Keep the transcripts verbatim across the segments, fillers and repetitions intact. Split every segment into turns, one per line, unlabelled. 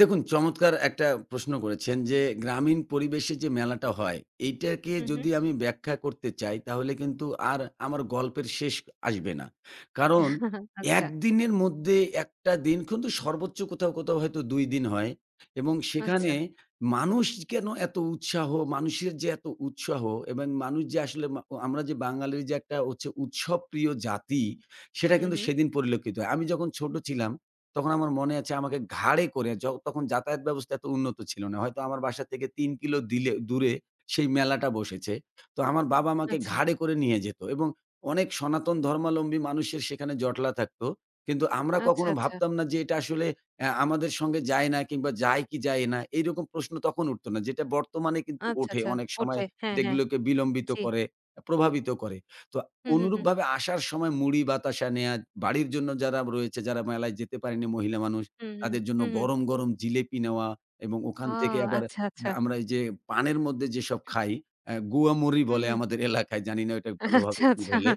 দেখুন। চমৎকার একটা প্রশ্ন করেছেন যে, গ্রামীণ পরিবেশে যে মেলাটা হয়, এটাকে
হু, হু।
যদি আমি ব্যাখ্যা করতে চাই, তাহলে কিন্তু আর আমার গল্পের শেষ আসবে না। কারণ এক
আচ্ছা।
দিনের মধ্যে এক টা দিন কিন্তু সর্বোচ্চ কোথাও, কোথাও, হয়তো দুই দিন হয়। এবং সেখানে
আচ্ছা।
মানুষ কেনো এত উৎসাহ? মানুষের যে এত উৎসাহ এবং মানুষ যে আসলে মা ও আমরা যে বাঙালির যে একটা হচ্ছে উৎসব প্রিয় জাতি। সেটা
হু,
কিন্তু
হু।
সেদিন পরিলক্ষিত হয়। আমি যখন ছোট ছিলাম তখন আমার মনে আছে, আমাকে ঘাড়ে করে য তখন যাতায়াত ব্যবস্থা এত উন্নত ছিল না। হয়তো আমার বাসা থেকে তিন কিলো দিলে দূরে সেই মেলাটা বসেছে। তো আমার বাবা আমাকে
আচ্ছা।
ঘাড়ে করে নিয়ে যেত। এবং অনেক সনাতন, ধর্মাবলম্বী মানুষের সেখানে জটলা থাকতো। কিন্তু আমরা
আচ্ছা,
কখনো
আচ্ছা।
ভাবতাম না যে, এটা আসলে এ্যা আমাদের সঙ্গে যায় না কিংবা যায় কি যায় না? এরকম প্রশ্ন তখন উঠত না। যেটা বর্তমানে কিন্তু
আচ্ছা,
ওঠে।
আচ্ছা,
অনেক সময়
ওঠে। হ্যাঁ, হ্যাঁ।
এগুলোকে বিলম্বিত
জ্বি।
করে, প্রভাবিত করে। তো
হু, হু, হু।
অনুরূপভাবে আসার সময় মুড়ি, বাতাসা নেয়ার বাড়ির জন্য যারা রয়েছে, যারা মেলায় যেতে পারেনি মহিলা মানুষ।
হু, হু।
তাদের জন্য
হু, হু।
গরম, গরম, জিলেপি নেওয়া এবং
ও!
ওখান থেকে আবার এ
আচ্ছা, আচ্ছা।
আমরা এই যে পানের মধ্যে যেসব
হুম।
খাই, এ্যা গুয়া মরি
হু,
বলে
হু।
আমাদের এলাকায়, জানি না ওটাকে ভালোভাবে
আচ্ছা,
কি
আচ্ছা।
বলে?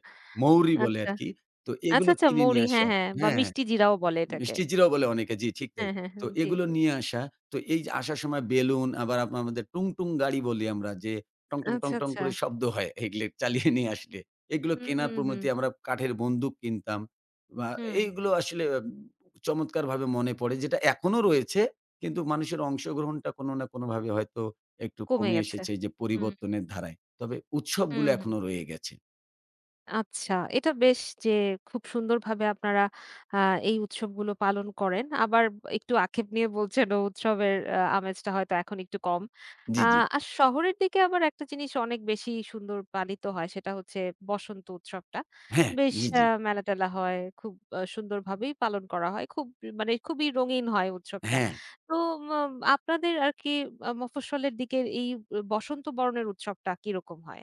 মৌরি বলে
আচ্ছা।
আরকি। তো
আচ্ছা,
এগুলো
আচ্ছা
কিনে
মৌরি
নিয়ে
হ্যাঁ,
আসা
হ্যাঁ বা
হ্যাঁ, হ্যাঁ।
মিষ্টি জিরাও বলে এটাকে।
মিষ্টি জিরাও বলে অনেকে জি, ঠিক তাই।
হ্যাঁ, হ্যাঁ,
তো
হ্যাঁ। জ্বি।
এগুলো নিয়ে আসা। তো এই আসার সময় বেলুন আবার আপনা আমাদের টুং, টুং গাড়ি বলি আমরা যে, টং, টং, টং,
আচ্ছা,
টং
আচ্ছা।
করে শব্দ হয়, এগুলি চালিয়ে নিয়ে আসলে। এগুলো
হুম,
কেনার
হুম, হুম।
প্রণতি, আমরা কাঠের বন্দুক কিনতাম। ব্য আ
হম।
এগুলো আসলে চমৎকারভাবে মনে পড়ে, যেটা এখনো রয়েছে। কিন্তু মানুষের অংশগ্রহণটা কোনো না কোনোভাবে হয়তো একটু
কমে
কমে
গেছে।
এসেছে যে,
হুম।
পরিবর্তনের ধারায়। তবে
হু,
উৎসবগুলো
হু।
এখনো রয়ে গেছে।
আচ্ছা। এটা বেশ যে, খুব সুন্দরভাবে আপনারা আ এই উৎসবগুলো পালন করেন। আবার একটু আক্ষেপ নিয়ে বলছেন ও, উৎসবের আ আমেজটা হয়তো এখন একটু কম। আ
জ্বি, জ্বি।
আর শহরের দিকে আবার একটা জিনিস অনেক বেশি সুন্দর পালিত হয়। সেটা হচ্ছে বসন্ত উৎসবটা।
হ্যাঁ।
বেশ
জ্বি,
আ
জ্বি।
মেলা-টেলা হয়, খুব সুন্দরভাবেই পালন করা হয়। খুব ই মানে খুবই রঙিন হয় উৎসবটা।
হ্যাঁ।
তো মো আপনাদের আরকি আ মফস্বলের দিকের এই বসন্ত বরণ উৎসবটা, কিরকম হয়?